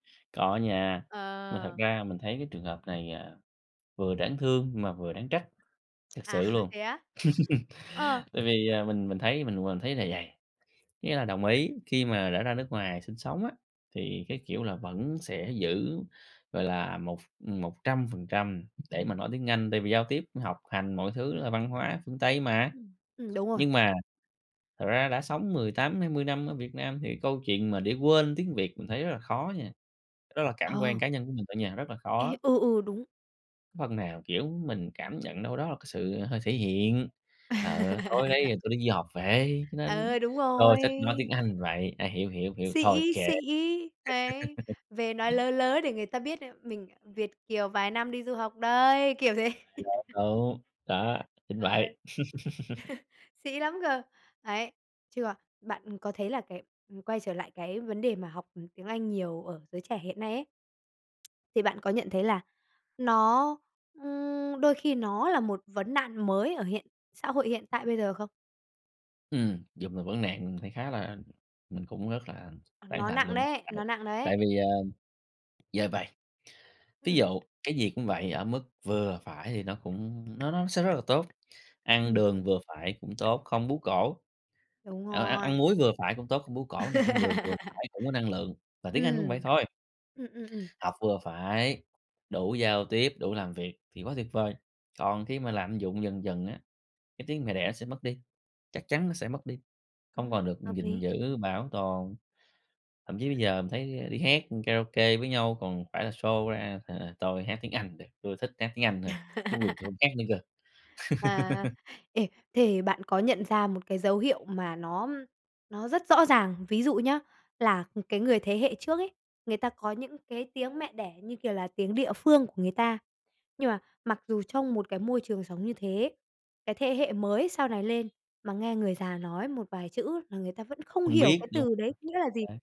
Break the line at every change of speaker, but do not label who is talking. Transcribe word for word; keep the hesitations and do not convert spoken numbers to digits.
Có nha. Mà thật
Ờ.
ra mình thấy cái trường hợp này, à, vừa đáng thương mà vừa đáng trách. Thật
À,
sự luôn.
thế á? Ờ.
Tại vì, à, mình mình thấy mình mình thấy là vầy, có nghĩa là đồng ý, khi mà đã ra nước ngoài sinh sống á, thì cái kiểu là vẫn sẽ giữ, gọi là, một ph một trăm phần trăm để mà nói tiếng Anh, tại vì giao tiếp, học hành mọi thứ, đó là văn hóa phương Tây mà.
Ừm. Ừm, đúng rồi.
Nhưng mà thật ra đã sống mười tám hai mươi năm ở Việt Nam thì câu chuyện mà để quên tiếng Việt mình thấy rất là khó nha. Đó là cảm quan
Ờ.
cá nhân của mình thôi nha. Rất là
Ấy,
khó.
ừ, ừ, đúng.
Phần nào, kiểu, mình cảm nhận đâu đó là cái sự hơi thể hiện là "Ờ, tôi đây là tôi đi du học về, cho nên,
Ờ, đúng
tôi
rồi.
thích nói tiếng Anh vậy, ai hiểu thì hiểu, hông hiểu thì thôi,
Sĩ,
kệ."
sĩ. Ấy, về nói lớ lớ để người ta biết [unintelligible] mình Việt Kiều vài năm đi du học đây. Kiểu thế.
[unintelligible] Đúng. Đó. Chính
Ờ.
vậy.
Sĩ lắm cơ! Đấy, chứ còn bạn có thấy là cái ừm, quay trở lại cái vấn đề mà học tiếng Anh nhiều ở giới trẻ hiện nay ấy, thì bạn có nhận thấy là nó ừm, đôi khi nó là một vấn nạn mới ở hiện xã hội hiện tại bây giờ không?
Ừm. Dù là vấn nạn mình thấy khá là mình cũng rất là tán
Nó
thành
nặng
luôn.
đấy,
Ờ.
nó nặng đấy.
Tại vì, à, giờ vầy, ví
Ừm.
dụ, cái gì cũng vậy, ở mức vừa phải thì nó cũng, nó nó sẽ rất là tốt. Ăn
Ừm.
đường vừa phải cũng tốt, không bướu cổ
Đúng
ờ, ăn ăn
rồi.
muối vừa phải cũng tốt, không bướu cổ này, ăn đường vừa phải cũng có năng lượng. Và tiếng Anh cũng vậy
Ừm.
thôi.
Ừm, ừm, ừm.
Học vừa phải, đủ giao tiếp, đủ làm việc thì quá tuyệt vời. Còn khi mà lạm dụng dần dần á, cái tiếng mẹ đẻ nó sẽ mất đi, chắc chắn nó sẽ mất đi, không
Ừm,
còn được
hợp
gìn
lý.
giữ, bảo tồn. Thậm chí bây giờ mình thấy đi hát karaoke với nhau còn phải là show ra là tôi hát tiếng Anh được, tôi thích hát tiếng Anh thôi, tiếng Việt tôi hông hát nữa cơ.
À. Ê, thế bạn có nhận ra một cái dấu hiệu mà nó nó rất rõ ràng, ví dụ nhá, là cái người thế hệ trước ấy, người ta có những cái tiếng mẹ đẻ như kiểu là tiếng địa phương của người ta, nhưng mà mặc dù trong một cái môi trường sống như thế, cái thế hệ mới sau này lên mà nghe người già nói một vài chữ là người ta vẫn không
Không
hiểu
biết,
cái
đúng hông?
từ đấy nghĩa là
Chính
gì.
xác.